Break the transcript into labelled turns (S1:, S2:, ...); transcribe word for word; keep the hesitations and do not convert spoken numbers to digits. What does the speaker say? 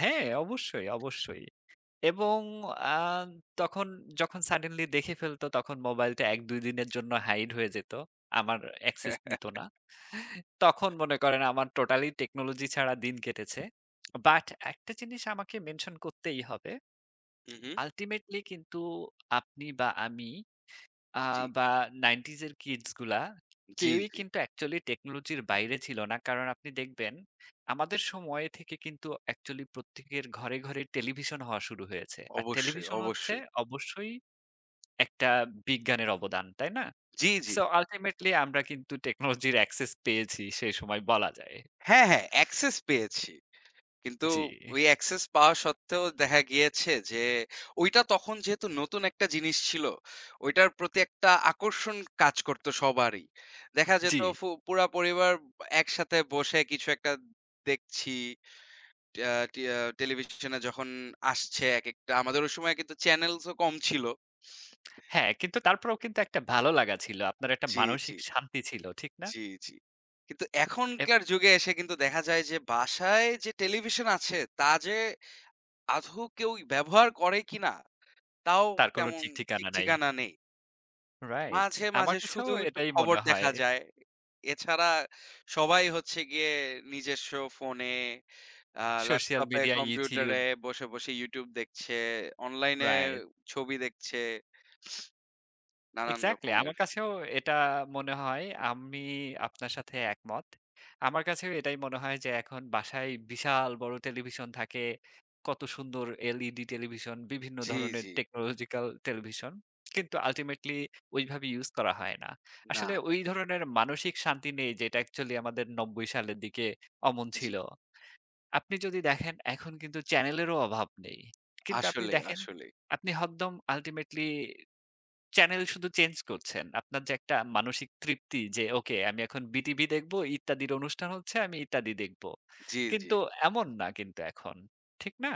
S1: হ্যাঁ, অবশ্যই, অবশ্যই। এবং আ তখন যখন suddenly দেখে ফেলত তখন মোবাইলটা এক দুই দিনের জন্য হাইড হয়ে যেত। আমার Access দিত না। তখন মনে করেন আমার Totally Technology ছাড়া দিন কেটেছে। বাট এক টা জিনিস আমাকে মেনশন করতেই হবে।
S2: হু, হু।
S1: Ultimately কিন্তু আপনি বা আমি আ
S2: জ্বি।
S1: বা নাইনটিজের কিডস গুলা
S2: জ্বি,
S1: কেউই
S2: জ্বি।
S1: কিন্তু Actually টেকনোলজির বাইরে ছিল না। কারণ আপনি দেখবেন আমাদের সময় থেকে কিন্তু অ্যাকচুয়ালি প্রত্যেকের ঘরে, ঘরে টেলিভিশন হওয়া শুরু হয়েছে। আর
S2: অবশ্যই,
S1: টেলিভিশন হচ্ছে
S2: অবশ্যই।
S1: অবশ্যই এক টা বিজ্ঞানের অবদান, তাই না?
S2: জ্বি, জ্বি।
S1: সো Ultimately আমরা কিন্তু টেকনোলজির Access পেয়েছি সে সময় বলা যায়।
S2: হ্যাঁ, হ্যাঁ, অ্যাক্সেস পেয়েছি। কিন্তু
S1: জী।
S2: ওই অ্যাক্সেস পাওয়া সত্ত্বেও দেখা গিয়েছে যে ঐটা তখন যেহেতু নতুন এক টা জিনিস ছিল, ঐটার প্রতি একটা আকর্ষণ কাজ করতো সবারই। দেখা যেত
S1: জ্বি।
S2: ফু পুরা পরিবার ব একসাথে বসে কিছু একটা দেখছি। ট্যা টিয়া টেলিভিশনে যখন আসছে একেকটা আমাদের ওই সময় কিন্তু চ্যানেলস ও কম ছিল।
S1: হ্যাঁ, কিন্তু তারপরেও কিন্তু এক টা ভালো লাগা ছিল। আপনার এক টা
S2: জি, জি।
S1: মানসিক শান্তি ছিল। ঠিক না?
S2: জি, জি। কিন্তু
S1: এপ
S2: এখনকার যুগে এসে কিন্তু দেখা যায় যে, বাসায় যে টেলিভিশন আছে, তা যে আধৌ কেউ ব্যবহার করে কিনা? তাও
S1: তার কোন
S2: তেমন ঠিক
S1: ঠিকঠিকানা নাই।
S2: ঠিকানা নেই।
S1: রাইট।
S2: মাঝে,
S1: আমার
S2: মাঝে
S1: কাছেও
S2: শুধু একটু
S1: এটাই
S2: খবর
S1: মনে হয়।
S2: দেখা যায়। এছাড়া সবাই হচ্ছে গিয়ে নিজেস্ব ফোনে, আ
S1: সোশ্যাল
S2: ল্যাপটপে,
S1: মিডিয়া,
S2: কম্পিউটারে
S1: YouTube.
S2: বসে, বসে YouTube দেখছে, অনলাইনে
S1: রাইট।
S2: ছবি দেখছে নানান
S1: এক্সাক্টলি আমার
S2: রকমের।
S1: কাছেও এটা মনে হয়। আমি আপনার সাথে একমত। আমার কাছেও এটাই মনে হয় যে, এখন বাসায় বিশাল বড় টেলিভিশন থাকে। কত সুন্দর LED টেলিভিশন, বিভিন্ন
S2: জি,
S1: ধরনের
S2: জি।
S1: Technological television. কিন্তু আল্টিমেটলি ওইভাবে ইউস করা হয় না।
S2: না,
S1: আসলে
S2: না।
S1: ওই ধরনের মানসিক শান্তি নেই, যেটা অ্যাকচুয়ালি আমাদের নব্বই সালের দিকে অমন
S2: জ্বি।
S1: ছিল। আপনি যদি দেখেন এখন কিন্তু চ্যানেলেরও অভাব নেই। কিন্তু আপনি
S2: আসলেই,
S1: দেখেন
S2: আসলেই।
S1: আপনি হদ্দম আল্টিমেটলি চ্যানেল শুধু চেঞ্জ করছেন। আপনার যে এক টা মানসিক তৃপ্তি যে, ওকে আমি এখন বিটিভি দেখব ইত্যাদির অনুষ্ঠান হচ্ছে আমি ইত্যাদি দেখব।
S2: জ্বি, জ্বি।
S1: কিন্তু এমন না কিন্তু এখন। ঠিক না?